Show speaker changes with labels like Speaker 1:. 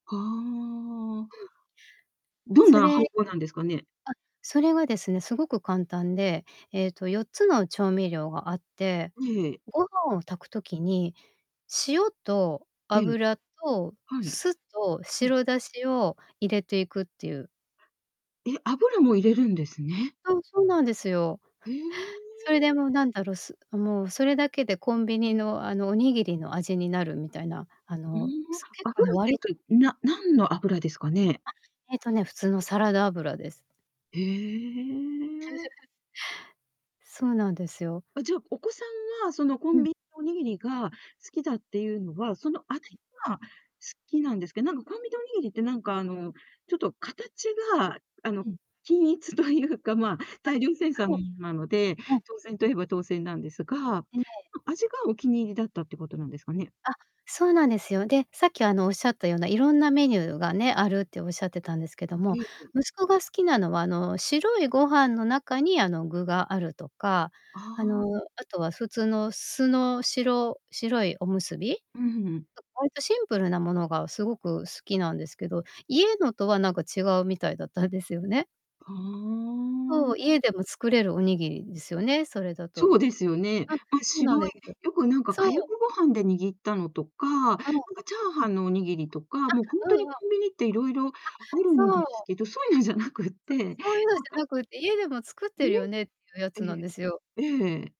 Speaker 1: はあ。どん
Speaker 2: そ
Speaker 1: なは
Speaker 2: れあっ、
Speaker 1: おほうなんですかね？
Speaker 2: それはですね、凄く簡単で、ええと4つの調味料があって、
Speaker 1: ねえ。
Speaker 2: ご飯を炊く時に、塩と
Speaker 1: ええ。
Speaker 2: 油と
Speaker 1: はい。
Speaker 2: 酢と
Speaker 1: ええ。
Speaker 2: 白だしを入れていくっていう。
Speaker 1: え、油も入れるんですね。
Speaker 2: うん、そうなんですよ。
Speaker 1: え
Speaker 2: それ
Speaker 1: え。
Speaker 2: でもうなんだろう、すもうそれだけでコンビニの、あの、おにぎりの味になるみたいな、あ
Speaker 1: うーん、
Speaker 2: のす結
Speaker 1: 油
Speaker 2: 構
Speaker 1: って
Speaker 2: 割と
Speaker 1: いうと、な何の油ですかね？
Speaker 2: あ、えとね、普通のサラダ油です。
Speaker 1: へえ。
Speaker 2: そうなんですよ。
Speaker 1: あ、じゃあ、お子さんはそのコ
Speaker 2: う
Speaker 1: ン
Speaker 2: ん。
Speaker 1: ビのおにぎりが好きだっていうのは、その味
Speaker 2: はい。
Speaker 1: が好きなんですけど、なんかコンビニのおにぎりってなんかあのちょっと形があの、
Speaker 2: うん。
Speaker 1: 均一というか、ま
Speaker 2: あ、
Speaker 1: 大量生産
Speaker 2: 多分。
Speaker 1: のものなので、
Speaker 2: うん。
Speaker 1: 当然と言えば当然なんですが、あ
Speaker 2: ええ。
Speaker 1: 味がお気に入りだったっていうことなんですかね？
Speaker 2: あ、そうなんですよ。で、さっきあの仰ったような色んなメニューがね、あるって仰ってたんですけども、
Speaker 1: ええ、ええ。
Speaker 2: 息子が好きなのは、あの、白いご飯の中に、あの、具があるとか、
Speaker 1: あ
Speaker 2: あの、
Speaker 1: あ。
Speaker 2: あとは普通の酢の白白いおむすび？
Speaker 1: うんうん。
Speaker 2: 割とシンプルなものが凄く好きなんですけど、家のとは何か違うみたいだったんですよね。
Speaker 1: ふー
Speaker 2: そ
Speaker 1: ん。
Speaker 2: う、家でも作れるおにぎりですよね、それだ
Speaker 1: そ
Speaker 2: と。
Speaker 1: うですよね。
Speaker 2: あ、
Speaker 1: ま、
Speaker 2: そうな
Speaker 1: 白
Speaker 2: ん
Speaker 1: い
Speaker 2: ですよ。
Speaker 1: よくなんか
Speaker 2: そ
Speaker 1: かやく
Speaker 2: う。
Speaker 1: ご飯で握ったのとか、なんか
Speaker 2: あの
Speaker 1: チャーハンのおにぎりとか、もうほん
Speaker 2: あ、う
Speaker 1: と
Speaker 2: ん
Speaker 1: に
Speaker 2: うん。
Speaker 1: コンビニって色々
Speaker 2: あ、
Speaker 1: あるん
Speaker 2: そ
Speaker 1: です
Speaker 2: う。
Speaker 1: けど、そういうのじゃなくっ
Speaker 2: あ、
Speaker 1: て。
Speaker 2: そういうのじゃな って、家でも作っ
Speaker 1: え、
Speaker 2: てるよねっていうやつ
Speaker 1: え
Speaker 2: なん
Speaker 1: え、
Speaker 2: ですよ。
Speaker 1: ええ。